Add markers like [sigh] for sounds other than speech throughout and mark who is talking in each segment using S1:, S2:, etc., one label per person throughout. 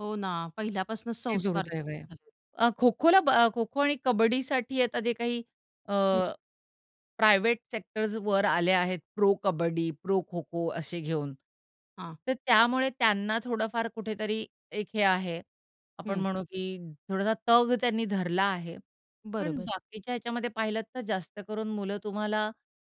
S1: हो ना. पहिल्यापासूनच
S2: हे
S1: संस्कार
S2: दुर्दैव
S1: तसे
S2: आहे.
S1: झालेत.
S2: अ, खो-खोला ब अ, खो-खो आणि कबड्डीसाठी आता जे काही अ,
S1: हं.
S2: प्रायव्हेट सेक्टर्स वर आले आहेत, प्रो-कबड्डी, प्रो-खो-खो असे घेऊन.
S1: हां.
S2: तर त्यामुळे त्यांना थोडंफार कुठेतरी एक हे आहे. आपण
S1: हं.
S2: म्हणू की थोडासा तग त्यांनी धरला आहे. पण
S1: बरोबर.
S2: बाकीच्या ह्याच्यामध्ये पाहिलत तर जास्त करून मुलं तुम्हाला,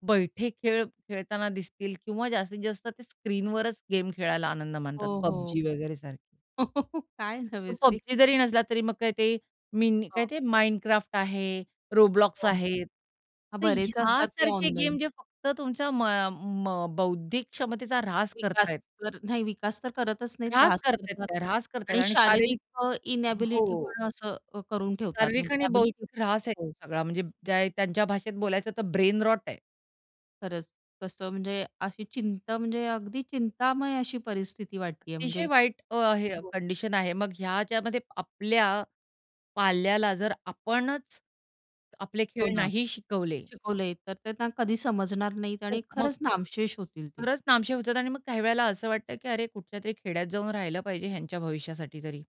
S2: बैठे खेळ खेळताना दिसतील किंवा जास्तीत जास्त ते स्क्रीनवरच गेम खेळायला आनंद मानतात.
S1: हो, हो.
S2: PUBG वगैरे सारखी.
S1: हो, काय
S2: पण
S1: नवेसे?
S2: PUBG जरी नसला तरी, मग काय ते, मिन
S1: हां.
S2: काय ते Minecraft आहे. Roblox
S1: हो.
S2: आहेत.
S1: हां,
S2: तर
S1: बरेच
S2: ह्या
S1: असतात ते
S2: सारखे
S1: ऑनलाईन.
S2: गेम जे फक्त तुमचा म अ, म बौद्धिक क्षमतेचा ऱ्हास
S1: विकास
S2: करतायेत.
S1: तर नाही विकास तर करतच नाहीत,
S2: ऱ्हास
S1: त्रास
S2: करतायेत
S1: करतात
S2: त्या, ऱ्हास करतायेत
S1: आणि
S2: आणि शारीरिक
S1: शारीरिक अ, इनॅबिलिटी
S2: हो.
S1: पण असं अ, करून ठेवतात
S2: शारीरिक
S1: म्हणजे
S2: आणि
S1: ॲबिलिटी
S2: बौद्धिक ऱ्हास आहे
S1: हो.
S2: तो सगळा. म्हणजे ज्या त्यांच्या भाषेत बोलायचं तर ब्रेनरॉट आहे.
S1: खरंच कसं म्हणजे अशी चिंता म्हणजे अगदी चिंतामय अशी परिस्थिती वाटतीये. म्हणजे
S2: अतिशय वाईट अ, हे अ,
S1: हो.
S2: कंडिशन आहे. मग ह्याच्यामध्ये आपल्या पाल्याला जर आपणच आपले
S1: हो
S2: खेळ
S1: ना.
S2: नाही शिकवले
S1: शिकवले, तर त्यांना कधी समजणार नाहीत आणि
S2: खूप मग
S1: खरंच नामशेष होतील ते.
S2: खरंच नामशेष होतात आणि मग काही वेळेला असं वाटतं की अरे कुठल्यातरी खेड्यात जाऊन राहिलं पाहिजे ह्यांच्या भविष्यासाठी तरी.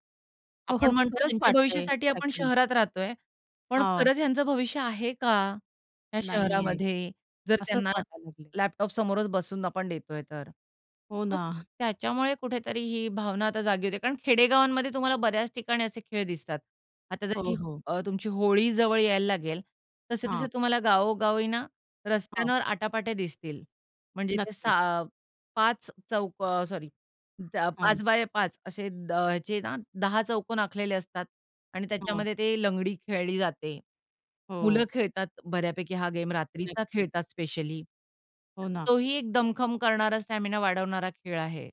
S1: हो,
S2: आपण
S1: हो.
S2: म्हणतो
S1: खरंच
S2: ह्यांच्या
S1: वाटतंय
S2: भविष्यासाठी आपण
S1: एक्झॅक्टली.
S2: शहरात राहतोय. पण
S1: हां.
S2: खरंच ह्यांचं भविष्य आहे का? ह्या
S1: नाहीये.
S2: शहरामध्ये? जर
S1: असंच
S2: त्यांना
S1: वाटायला लागलंय.
S2: लॅपटॉप समोरच बसून आपण देतोय तर?
S1: हो
S2: मग
S1: ना. [chuckles]
S2: त्याच्यामुळे कुठेतरी ही भावना आता जागी होते. कारण खेडेगावांमध्ये तुम्हाला बऱ्याच ठिकाणी असे खेळ दिसतात. आता
S1: हो,
S2: जशी ह
S1: हो.
S2: अ, तुमची होळी जवळ यायला लागेल, तसे-तसे
S1: हां.
S2: तुम्हाला गावोगावी ना
S1: हां.
S2: रस्त्यांवर आटा-पाटे दिसतील, म्हणजे ते
S1: नक्कीच.
S2: 6 5 चौक अ, सॉरी ब त्या
S1: हां.
S2: 5x5 असे अ, जे ना 10 चौकोन आखलेले असतात आणि
S1: हां.
S2: त्याच्यामध्ये ते लंगडी खेळली जाते. मुलं
S1: हो.
S2: खेळतात बऱ्यापैकी हा गेम रात्रीचा
S1: नक्कीच.
S2: खेळतात स्पेशली, तर
S1: हो ना.
S2: तोही एक दमखम करणारा, स्टॅमिना वाढवणारा खेळ आहे.